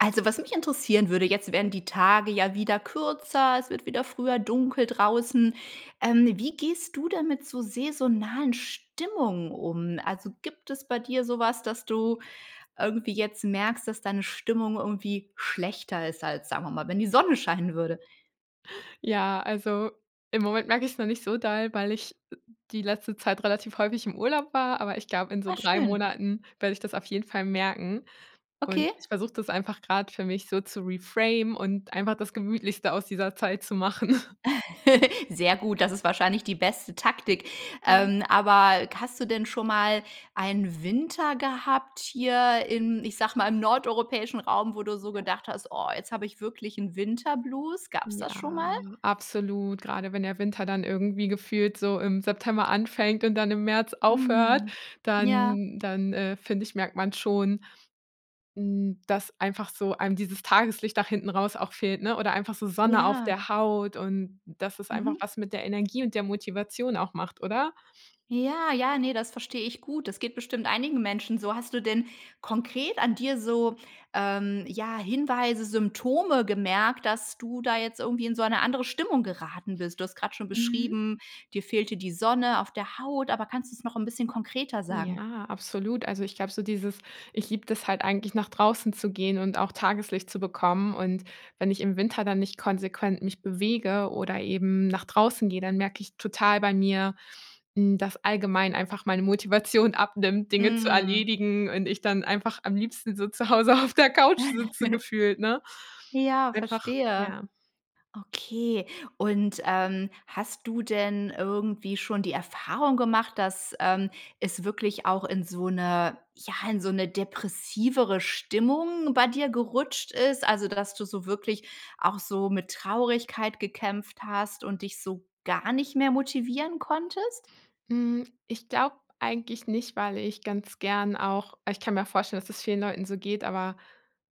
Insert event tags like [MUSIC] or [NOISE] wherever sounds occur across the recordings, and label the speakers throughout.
Speaker 1: Also, was mich interessieren würde, jetzt werden die Tage ja wieder kürzer. Es wird wieder früher dunkel draußen. Ähm, wie gehst du denn mit so saisonalen Stimmungen um? Also, gibt es bei dir sowas, dass du irgendwie jetzt merkst, dass deine Stimmung irgendwie schlechter ist, als, sagen wir mal, wenn die Sonne scheinen würde?
Speaker 2: Ja, also, im Moment merke ich es noch nicht so doll, weil ich e die letzte Zeit relativ häufig im Urlaub war, aber ich glaube, in so
Speaker 1: Ah
Speaker 2: 3
Speaker 1: schön.
Speaker 2: Monaten werde ich das auf jeden Fall merken und
Speaker 1: Okay.
Speaker 2: ich versuche das einfach grad für mich so zu reframen und einfach das gemütlichste aus dieser Zeit zu machen. [CHUCKLES]
Speaker 1: [CHUCKLES] Sehr gut, das ist wahrscheinlich die beste Taktik.
Speaker 2: [UNINTELLIGIBLE]
Speaker 1: Ähm, aber hast du denn schon mal einen Winter gehabt hier in, ich sage mal, „im nordeuropäischen Raum“, wo du
Speaker 2: Hm
Speaker 1: so
Speaker 2: ja.
Speaker 1: gedacht hast: „Oh, jetzt habe ich wirklich 'n Winter Blues“, gab's das schon mal?
Speaker 2: Ja, absolut. Grade wenn der Winter dann irgendwie gefühlt so im September anfängt und dann im März aufhört,
Speaker 1: Mhm, ja.
Speaker 2: dann dann, äh, finde ich, merkt man schon, hm, dass einfach so einem dieses Tageslicht nach hinten raus auch fehlt, ne? Oder einfach so Sonne auf
Speaker 1: Ja.
Speaker 2: der Haut und, dass es einfach
Speaker 1: Mhm.
Speaker 2: was mit der Energie und der Motivation auch macht, oder?
Speaker 1: Ja, ja, ne, das verstehe ich gut. Das geht bestimmt einigen Menschen so. Hast du denn konkret an dir so, ähm, ja, Hinweise, Symptome gemerkt, dass du da jetzt irgendwie in so eine andere Stimmung geraten bist? Du hast gerade schon
Speaker 2: Mhm.
Speaker 1: beschrieben: „Dir fehlte die Sonne auf der Haut“. Aber kannst du es noch 'n bisschen konkreter sagen?
Speaker 2: Ja, absolut. Also, ich glaube so dieses ich liebe das halt eigentlich nach draußen zu gehen und auch Tageslicht zu bekommen. Und, wenn ich im Winter dann nicht konsequent mich bewege oder eben nach draußen gehe, dann merke ich total bei mir, hm, das allgemein einfach meine Motivation abnimmt, Dinge zu
Speaker 1: Mhm.
Speaker 2: erledigen und ich dann einfach am liebsten so zu Hause auf der Couch sitze
Speaker 1: [CHUCKLES]
Speaker 2: gefühlt, ne?
Speaker 1: Ja,
Speaker 2: Einfach
Speaker 1: verstehe.
Speaker 2: ja.
Speaker 1: Okay. Und, ähm, hast du denn irgendwie schon die Erfahrung gemacht, dass, ähm, es wirklich auch in so 'ne ja, in so' ne depressivere Stimmung bei dir gerutscht ist, also, dass du so wirklich auch so mit Traurigkeit gekämpft hast und dich so gar nicht mehr motivieren konntest?
Speaker 2: Hm, ich glaube eigentlich nicht, weil ich ganz gern auch ich kann mir vorstellen, dass das vielen Leuten so geht, aber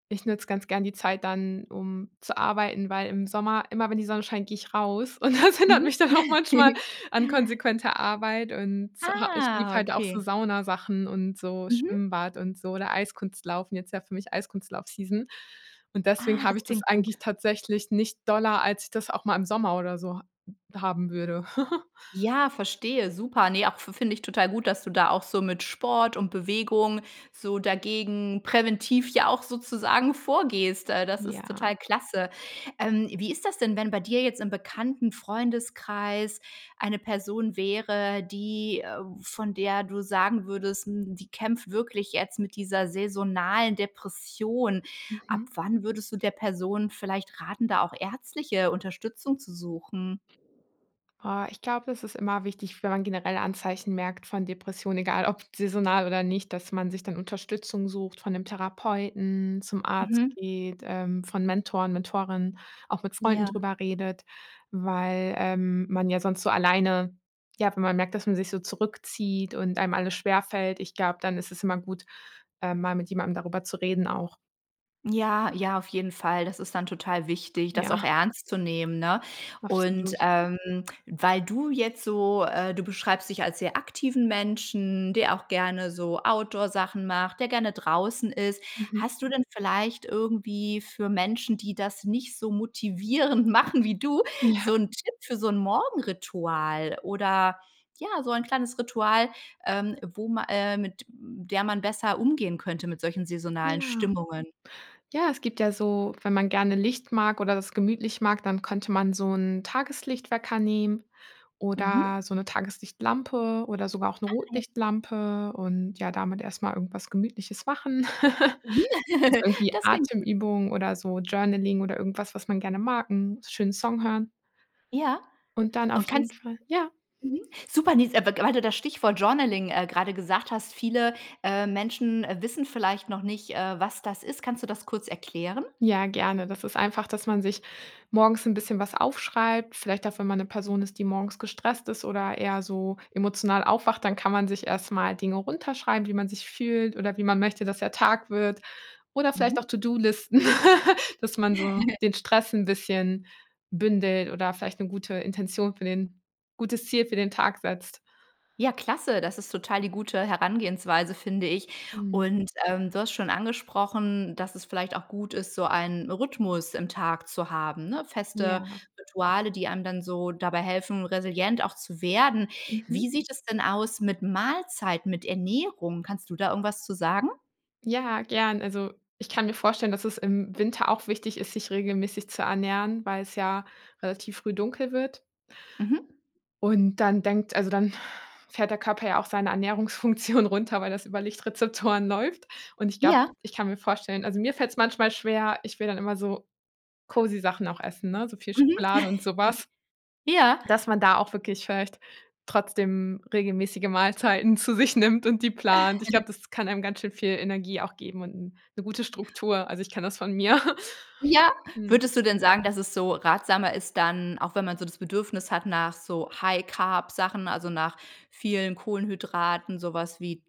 Speaker 2: ich nutze ganz gern die Zeit dann, um zu arbeiten, weil im Sommer, immer wenn die Sonne scheint, gehe ich raus und das hindert
Speaker 1: Mhm.
Speaker 2: mich dann auch manchmal an
Speaker 1: [CHUCKLES]
Speaker 2: konsequenter Arbeit und z ha ich liebe
Speaker 1: Ah,
Speaker 2: halt auch so
Speaker 1: Okay.
Speaker 2: Saunasachen und so
Speaker 1: Mhm.
Speaker 2: Schwimmbad und so, oder Eiskunstlaufen jetzt ja für mich Eiskunstlauf-Season und deswegen
Speaker 1: Ah, das
Speaker 2: habe ich das
Speaker 1: klingt gut.
Speaker 2: eigentlich tatsächlich nicht doller, als ich das auch mal im Sommer oder so h haben würde. [CHUCKLES]
Speaker 1: Ja, verstehe. Super. Ne, auch fi finde ich total gut, dass du da auch so mit Sport und Bewegung so dagegen, präventiv ja auch sozusagen vorgehst. Äh, das ist
Speaker 2: Ja.
Speaker 1: total klasse. Ähm, wie ist das denn, wenn bei dir jetzt im bekannten Freundeskreis eine Person wäre, die äh, von der du sagen würdest: „Hm, die kämpft wirklich jetzt mit dieser saisonalen Depression“. Ab
Speaker 2: Mhm.
Speaker 1: wann würdest du der Person vielleicht raten, da auch ärztliche Unterstützung zu suchen?
Speaker 2: Ah, ich glaube, das ist immer wichtig, wenn man generell Anzeichen merkt von Depression, egal ob saisonal, oder nicht, dass man sich dann Unterstützung sucht von 'nem Therapeuten, zum Arzt
Speaker 1: Mhm.
Speaker 2: geht, ähm, von Mentoren, Mentorinnen, auch mit Freunden
Speaker 1: Ja.
Speaker 2: darüber redet, weil, ähm, man ja sonst so alleine ja, wenn man merkt, dass man sich so zurückzieht und einem alles schwerfällt, ich glaube, dann ist es immer gut, ähm, mal mit jemandem darüber zu reden auch.
Speaker 1: Ja, ja, auf jeden Fall. Das ist dann total wichtig, das auch
Speaker 2: Ja.
Speaker 1: ernst zu nehmen, ne? Und,
Speaker 2: Absolut.
Speaker 1: ähm, weil du jetzt so äh, du beschreibst dich als sehr aktiven Menschen, der auch gerne so Outdoor-Sachen macht, der gerne draußen ist.
Speaker 2: Mhm.
Speaker 1: Hast du denn vielleicht irgendwie für Menschen, die das nicht so motivierend machen wie du so
Speaker 2: Ja.
Speaker 1: 'n Tipp für so 'n Morgenritual, oder ja, so ein kleines Ritual, ähm, wo ma äh, mit, äh, der man besser umgehen könnte, mit solchen saisonalen
Speaker 2: Ja.
Speaker 1: Stimmungen?
Speaker 2: Ja, es gibt ja so, wenn man gerne Licht mag oder das gemütlich mag, dann könnte man so 'n Tageslicht-Wecker nehmen
Speaker 1: Mhm.
Speaker 2: oder so 'ne Tageslichtlampe oder sogar auch 'ne
Speaker 1: Ah ja.
Speaker 2: Rotlichtlampe und ja damit erstmal irgendwas Gemütliches machen. [LAUGHS]
Speaker 1: Mhm.
Speaker 2: So
Speaker 1: [GIGGLES]
Speaker 2: irgendwie
Speaker 1: Das klingt gut.
Speaker 2: Atemübung oder so Journaling oder irgendwas, was man gerne mag 'n schönen Song hören.
Speaker 1: Ja.
Speaker 2: Und dann auf
Speaker 1: Und
Speaker 2: jeden
Speaker 1: kannst
Speaker 2: Fall ja.
Speaker 1: mhm, super, ne, ist aber w weil du das Stichwort Journaling, äh, gerade gesagt hast. Viele, äh, Menschen, äh, wissen vielleicht noch nicht, äh, was das ist. Kannst du das kurz erklären?
Speaker 2: Ja, gerne. Das ist einfach, dass man sich morgens 'n bisschen was aufschreibt. Vielleicht auch, wenn man 'ne Person ist, die morgens gestresst ist, oder eher so emotional aufwacht, dann kann man sich erstmal Dinge runterschreiben, wie man sich fühlt oder wie man möchte, dass der Tag wird oder vielleicht auch
Speaker 1: Mhm.
Speaker 2: To-do-Listen, [LAUGHS] dass man so
Speaker 1: [CHUCKLES]
Speaker 2: den Stress 'n bisschen bündelt oder vielleicht 'ne gute Intention für den gutes Ziel für den Tag setzt.
Speaker 1: Ja, klasse. Das ist total die gute Herangehensweise, finde ich.
Speaker 2: Mhm.
Speaker 1: Und, ähm, du hast schon angesprochen, dass es vielleicht auch gut ist, so ein Rhythmus im Tag zu haben, ne? Feste
Speaker 2: Ja.
Speaker 1: Rituale, die einem dann so dabei helfen, resilient auch zu werden.
Speaker 2: Mhm.
Speaker 1: Wie sieht es denn aus mit Mahlzeiten, mit Ernährung? Kannst du da irgendwas zu sagen?
Speaker 2: Ja, gern. Also ich kann mir vorstellen, dass es im Winter auch wichtig ist, sich regelmäßig zu ernähren, weil's ja relativ früh dunkel wird.
Speaker 1: Mhm.
Speaker 2: Und dann denkt also, dann fährt der Körper ja auch seine Ernährungsfunktion runter, weil das über Lichtrezeptoren läuft. Und ich glaube
Speaker 1: Ja.
Speaker 2: ich kann mir vorstellen also, mir fällt es manchmal schwer ich will dann immer so cozy Sachen auch essen, ne, so viel
Speaker 1: Mhm.
Speaker 2: Schokolade und
Speaker 1: [CHUCKLES]
Speaker 2: sowas.
Speaker 1: Ja.
Speaker 2: Dass man da auch wirklich vielleicht trotzdem regelmäßige Mahlzeiten zu sich nimmt und die plant. Ich
Speaker 1: [CHUCKLES]
Speaker 2: glaube, das kann einem ganz schön viel Energie auch geben und 'n 'ne gute Struktur. Also, ich kenne das von mir. [CHUCKLES]
Speaker 1: Ja.
Speaker 2: Mhm.
Speaker 1: Würdest du denn sagen, dass es so ratsamer ist, dann auch wenn man so das Bedürfnis hat nach so High-Carb Sachen, also nach vielen Kohlenhydraten, sowas wie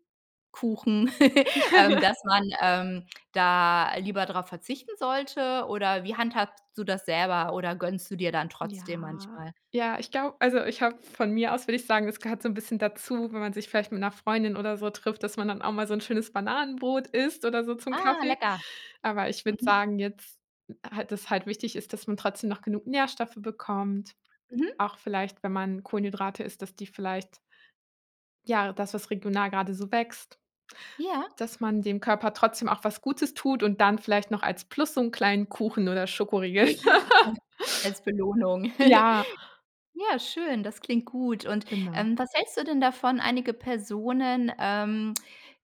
Speaker 1: Kuchen,, [GIGGLES] ähm, dass
Speaker 2: [GIGGLES]
Speaker 1: man ähm, da lieber darauf verzichten sollte? Oder, wie handhabst du das selber, oder gönnst du dir dann trotzdem
Speaker 2: Ja,
Speaker 1: manchmal?
Speaker 2: ja, ich glaube also ich habe, von mir aus, würde ich sagen, es gehört so 'n bisschen dazu, wenn man sich vielleicht mit 'ner Freundin oder so trifft, dass man dann auch mal so 'n schönes Bananenbrot isst oder so zum
Speaker 1: Ah,
Speaker 2: Kaffee.
Speaker 1: lecker.
Speaker 2: Aber ich würde
Speaker 1: Mhm.
Speaker 2: sagen jetzt, hal das halt wichtig ist, dass man trotzdem noch genug Nährstoffe bekommt,
Speaker 1: Mhm.
Speaker 2: auch vielleicht, wenn man Kohlenhydrate isst, dass die vielleicht ja, das, was regional gerade so wächst.
Speaker 1: Ja.
Speaker 2: Dass man dem Körper trotzdem auch was Gutes tut und dann vielleicht noch als Plus so 'n kleinen Kuchen oder Schokoriegel. [LAUGHS]
Speaker 1: [GIGGLES] Als Belohnung. [GIGGLES]
Speaker 2: Ja.
Speaker 1: Ja, schön, das klingt gut. Und,
Speaker 2: Genau.
Speaker 1: ähm, was hältst du denn davon: Einige Personen, ähm,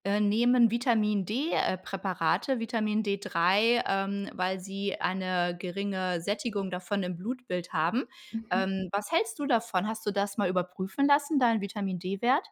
Speaker 1: äh, nehmen Vitamin-D, äh, Präparate Vitamin D3, ähm, weil sie eine geringe Sättigung davon im Blutbild haben.
Speaker 2: Mhm.
Speaker 1: Ähm, was hältst du davon? Hast du das mal überprüfen lassen, deinen Vitamin-D-Wert?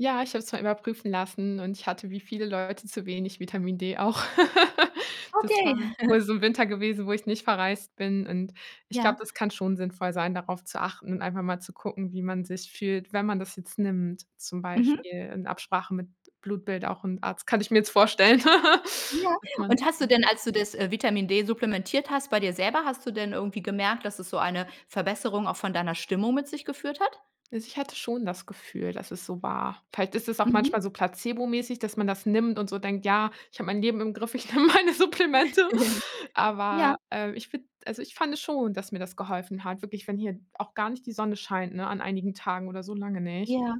Speaker 2: Ja, ich habe es mal überprüfen lassen und ich hatte, wie viele Leute, zu wenig Vitamin D auch. [LAUGHS] Das
Speaker 1: Okay.
Speaker 2: war
Speaker 1: [CHUCKLES]
Speaker 2: wohl so im Winter gewesen, wo ich nicht verreist bin, und ich
Speaker 1: Ja.
Speaker 2: glaube, das kann schon sinnvoll sein, darauf zu achten und einfach mal zu gucken, wie man sich fühlt, wenn man das jetzt nimmt, zum
Speaker 1: Mhm.
Speaker 2: Beispiel in Absprache mit Blutbild auch 'n Arzt, kann ich mir jetzt vorstellen, [CHUCKLES]
Speaker 1: Ja.
Speaker 2: dass man
Speaker 1: Und hast du
Speaker 2: [UNINTELLIGIBLE]
Speaker 1: denn, als du das, äh, Vitamin D supplementiert hast, bei dir selber hast du denn irgendwie gemerkt, dass es so eine Verbesserung auch von deiner Stimmung mit sich geführt hat?
Speaker 2: Also, ich hatte schon das Gefühl, dass es so war. Vielleicht ist es auch
Speaker 1: Mhm.
Speaker 2: manchmal so placebo-mäßig, dass man das nimmt und so denkt: „Ja, ich habe mein Leben im Griff. Ich nehme meine Supplemente.“
Speaker 1: [GIGGLES] Ja.
Speaker 2: Aber, äh, ich finde also, ich fand es schon, dass mir das geholfen hat. Wirklich, wenn hier auch gar nicht die Sonne scheint, ne, an einigen Tagen oder so lange nicht,
Speaker 1: Ja.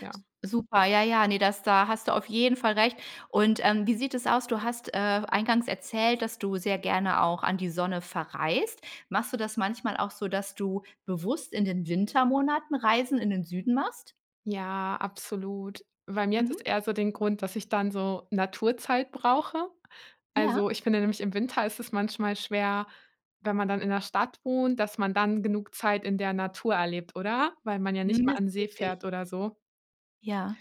Speaker 2: ja.
Speaker 1: Super, ja, ja, ne, das da hast du auf jeden Fall recht. Und, ähm, wie sieht es aus? Du hast, äh, eingangs erzählt, dass du sehr gerne auch an die Sonne verreist. Machst du das manchmal auch so, dass du bewusst in den Wintermonaten Reisen in den Süden machst?
Speaker 2: Ja, absolut. Bei mir hat das
Speaker 1: Mhm.
Speaker 2: eher so den Grund, dass ich dann so Naturzeit brauche. Also,
Speaker 1: Ja.
Speaker 2: ich finde nämlich im Winter ist es manchmal schwer, wenn man dann in 'ner Stadt wohnt, dass man dann genug Zeit in der Natur erlebt, oder? Weil man ja
Speaker 1: Mhm,
Speaker 2: nicht mal
Speaker 1: das
Speaker 2: an
Speaker 1: ist
Speaker 2: See
Speaker 1: richtig.
Speaker 2: fährt oder so.
Speaker 1: Ja.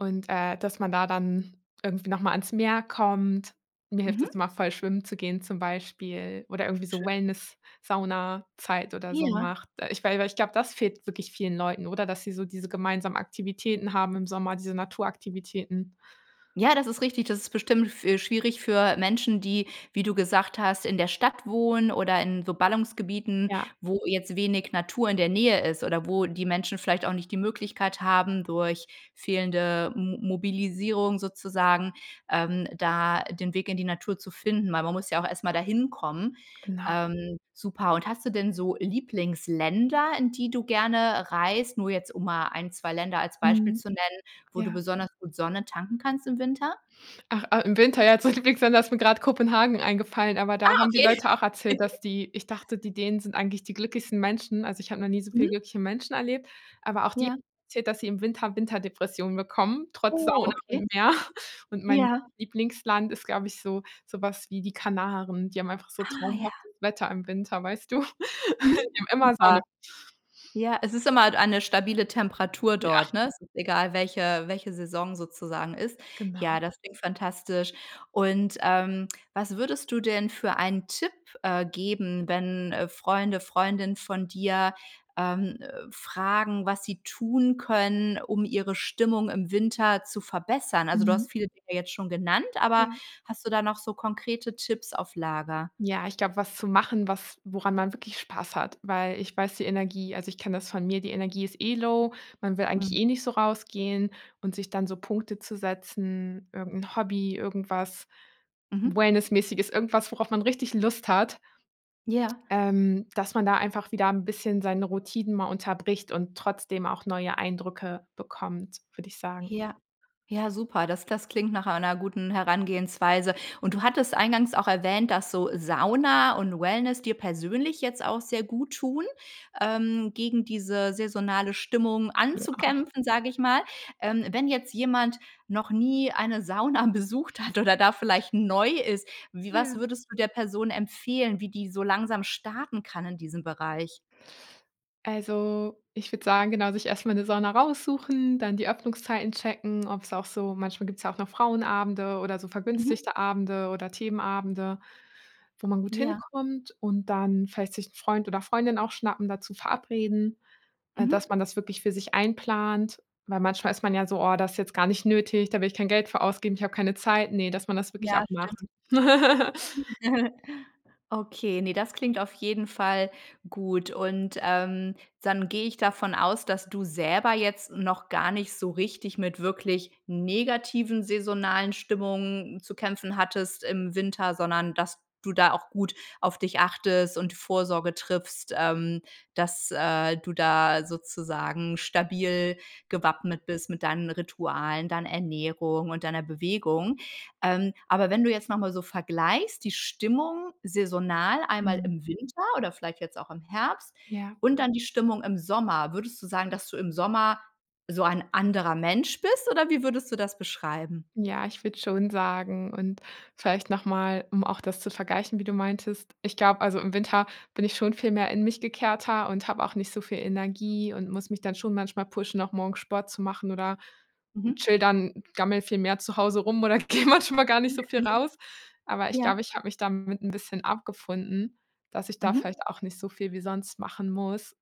Speaker 2: Und, äh, dass man da dann irgendwie nochmal ans Meer kommt. Mir hilft das
Speaker 1: Mhm.
Speaker 2: immer voll schwimmen zu gehen, zum Beispiel, oder irgendwie so
Speaker 1: Schön.
Speaker 2: Wellness, Saunazeit oder so
Speaker 1: Ja.
Speaker 2: macht. Da ich weil weil, ich glaube, das fehlt wirklich vielen Leuten, oder? Dass sie so diese gemeinsamen Aktivitäten haben im Sommer, diese Naturaktivitäten.
Speaker 1: Ja, das ist richtig. Das ist bestimmt f äh, schwierig für Menschen, die, wie du gesagt hast, in der Stadt wohnen oder in so Ballungsgebieten,
Speaker 2: Ja.
Speaker 1: wo jetzt wenig Natur in der Nähe ist. Oder wo die Menschen vielleicht auch nicht die Möglichkeit haben, durch fehlende M Mobilisierung sozusagen, ähm, da, den Weg in die Natur zu finden, weil man muss ja auch erst mal da hinkommen.
Speaker 2: Genau.
Speaker 1: Ähm, super, und hast du denn so Lieblingsländer, in die du gerne reist, nur jetzt um mal ein, 2 Länder als Beispiel
Speaker 2: Mhm,
Speaker 1: zu nennen, wo du
Speaker 2: ja.
Speaker 1: besonders gut Sonne tanken kannst im Winter?
Speaker 2: Ach, äh, im Winter, ja, zu meinen Lieblingsländern, da ist mir grad Kopenhagen eingefallen, aber da
Speaker 1: Ah,
Speaker 2: haben die
Speaker 1: okay.
Speaker 2: Leute auch erzählt,
Speaker 1: [GIGGLES]
Speaker 2: dass die ich dachte, die Dänen sind eigentlich die glücklichsten Menschen, also ich habe noch nie so viele
Speaker 1: Mhm.
Speaker 2: glückliche Menschen erlebt. Aber auch die haben
Speaker 1: Ja.
Speaker 2: erzählt, dass sie im Winter Winterdepressionen bekommen, trotz
Speaker 1: Oh,
Speaker 2: Sauna
Speaker 1: okay.
Speaker 2: und Meer. Und mein
Speaker 1: Ja.
Speaker 2: Lieblingsland ist, glaube ich, so, sowas wie die Kanaren. Die haben einfach so
Speaker 1: Ah, ja.
Speaker 2: traumhaftes Wetter im Winter, weißt du?
Speaker 1: Mhm,
Speaker 2: [GIGGLES] Die haben immer
Speaker 1: super.
Speaker 2: Sonne.
Speaker 1: Ja, es ist immer halt eine stabile Temperatur
Speaker 2: Ja.
Speaker 1: dort, ne? Es ist egal, welche welche Saison sozusagen ist. Ja,
Speaker 2: Genau.
Speaker 1: das klingt fantastisch. Und, ähm, was würdest du denn für ein Tipp, äh, geben, wenn, äh, Freunde, Freundinnen von dir, ähm, äh, fragen, was sie tun können, um ihre Stimmung im Winter zu verbessern. Also, du hast
Speaker 2: Mhm.
Speaker 1: viele Dinge jetzt schon genannt, aber
Speaker 2: Ja.
Speaker 1: hast du da noch so konkrete Tipps auf Lager?
Speaker 2: Ja, ich glaube, was zu machen, was woran man wirklich Spaß hat. Weil ich weiß die Energie, also, ich kenne das von mir die Energie ist eh low, man will eigentlich
Speaker 1: Mhm.
Speaker 2: eh nicht so rausgehen und sich dann so Punkte zu setzen, irgendein Hobby, irgendwas
Speaker 1: Mhm.
Speaker 2: wellness-mäßiges, irgendwas, worauf man richtig Lust hat
Speaker 1: Ja.
Speaker 2: ähm, dass man da einfach wieder 'n bisschen seine Routinen mal unterbricht und trotzdem auch neue Eindrücke bekommt, würde ich sagen.
Speaker 1: Ja, ja, super. Das das klingt nach einer guten Herangehensweise. Und du hattest eingangs auch erwähnt, dass so Sauna und Wellness dir persönlich jetzt auch sehr gut tun, ähm, gegen diese saisonale Stimmung
Speaker 2: Ja.
Speaker 1: anzukämpfen, sage ich mal, ähm. Wenn jetzt jemand noch nie eine Sauna besucht hat oder da vielleicht neu ist, wie was
Speaker 2: Ja.
Speaker 1: würdest du der Person empfehlen, wie die so langsam starten kann in diesem Bereich?
Speaker 2: Also, ich würde sagen, genau, sich erstmal 'ne Sauna raussuchen. Dann die Öffnungszeiten checken, ob's auch so manchmal gibt's ja auch noch Frauenabende oder so
Speaker 1: Mhm.
Speaker 2: vergünstigte Abende oder Themenabende, wo man gut
Speaker 1: Ja.
Speaker 2: hinkommt. Und dann vielleicht sich 'n Freund oder Freundin auch schnappen, dazu verabreden, äh, dass
Speaker 1: Mhm.
Speaker 2: man das wirklich für sich einplant. Weil manchmal ist man ja so: „Oh, das ist jetzt gar nicht nötig, da will ich kein Geld für ausgeben, ich habe keine Zeit.“ Ne, dass man das wirklich
Speaker 1: Ja,
Speaker 2: auch macht.
Speaker 1: stimmt.
Speaker 2: [CHUCKLES]
Speaker 1: [CHUCKLES] Okay, ne, das klingt auf jeden Fall gut. Und, ähm, dann gehe ich davon aus, dass du selber jetzt noch gar nicht so richtig mit wirklich negativen saisonalen Stimmungen zu kämpfen hattest im Winter, sondern dass du da auch gut auf dich achtest und Vorsorge triffst, ähm, dass, äh, du da sozusagen stabil gewappnet bist mit deinen Ritualen, deiner Ernährung und deiner Bewegung. Ähm, aber wenn du jetzt nochmal so vergleichst, die Stimmung saisonal einmal
Speaker 2: Mhm.
Speaker 1: im Winter oder vielleicht jetzt auch im Herbst,
Speaker 2: Ja.
Speaker 1: und dann die Stimmung im Sommer. Würdest du sagen, dass du im Sommer so ein anderer Mensch bist, oder wie würdest du das beschreiben?
Speaker 2: Ja, ich würde schon sagen und vielleicht nochmal, um auch das zu vergleichen, wie du meintest. Ich glaube, also, im Winter bin ich schon viel mehr in mich gekehrter und habe auch nicht so viel Energie und muss mich dann schon manchmal pushen, auch morgens Sport zu machen, oder
Speaker 1: Mhm.
Speaker 2: chill dann, gammle viel mehr zu Hause rum oder gehe manchmal gar nicht so viel
Speaker 1: [UNINTELLIGIBLE]
Speaker 2: raus. Aber ich
Speaker 1: Ja.
Speaker 2: glaube, ich habe mich damit 'n bisschen abgefunden, dass ich da
Speaker 1: Mhm.
Speaker 2: vielleicht auch nicht so viel wie sonst machen muss.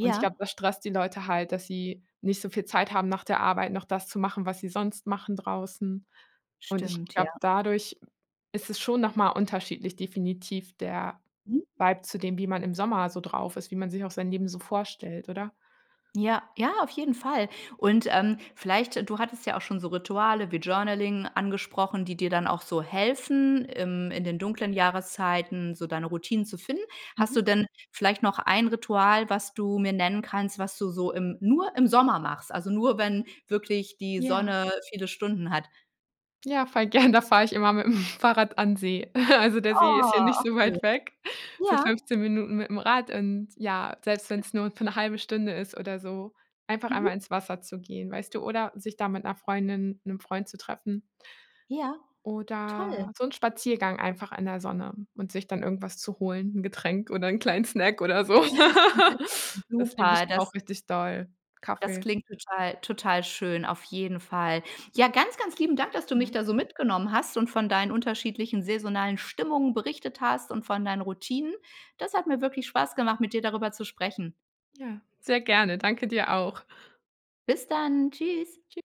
Speaker 2: Und ich glaube, das stresst die Leute halt, dass sie nicht so viel Zeit haben, nach der Arbeit noch das zu machen, was sie sonst machen draußen. Und ich
Speaker 1: Stimmt, ja.
Speaker 2: glaube, dadurch ist es schon nochmal unterschiedlich definitiv der
Speaker 1: Mhm.
Speaker 2: Vibe zu dem, wie man im Sommer so drauf ist, wie man sich auch sein Leben so vorstellt, oder?
Speaker 1: Ja, ja, auf jeden Fall. Und, ähm, vielleicht du hattest ja auch schon so Rituale wie Journaling angesprochen, die dir dann auch so helfen, im in den dunklen Jahreszeiten so deine Routine zu finden. Hast du
Speaker 2: Mhm.
Speaker 1: denn vielleicht noch ein Ritual, was du mir nennen kannst, was du so im nur im Sommer machst? Also, nur, wenn wirklich die
Speaker 2: Ja.
Speaker 1: Sonne viele Stunden hat?
Speaker 2: Ja, voll gern, da fahre ich immer mit dem Fahrrad an See. [CHUCKLES] Also, der See ist ja
Speaker 1: Ah,
Speaker 2: nicht
Speaker 1: ach,
Speaker 2: so
Speaker 1: schön.
Speaker 2: weit weg, so
Speaker 1: Ja.
Speaker 2: 15 Minuten mit dem Rad. Und ja, selbst wenn's nur für 'ne halbe Stunde ist oder so, einfach einmal
Speaker 1: Mhm.
Speaker 2: ins Wasser zu gehen, weißt du, oder sich da mit 'ner Freundin, 'nem Freund zu treffen.
Speaker 1: Ja, toll.
Speaker 2: Oder so 'n Spaziergang einfach in der Sonne und sich dann irgendwas zu holen, 'n Getränk oder 'n kleinen Snack oder so. [LAUGHS]
Speaker 1: [UNINTELLIGIBLE]
Speaker 2: Das liebe ich
Speaker 1: Super, das
Speaker 2: auch richtig doll
Speaker 1: das
Speaker 2: Kaffee.
Speaker 1: klingt total total schön. Auf jeden Fall. Ja, ganz, ganz lieben Dank, dass du mich
Speaker 2: Ja.
Speaker 1: da so mitgenommen hast und von deinen unterschiedlichen saisonalen Stimmungen berichtet hast und von deinen Routinen. Das hat mir wirklich Spaß gemacht, mit dir darüber zu sprechen.
Speaker 2: Ja, sehr gerne. Danke dir auch.
Speaker 1: Bis dann. Tschüss.
Speaker 2: Tschü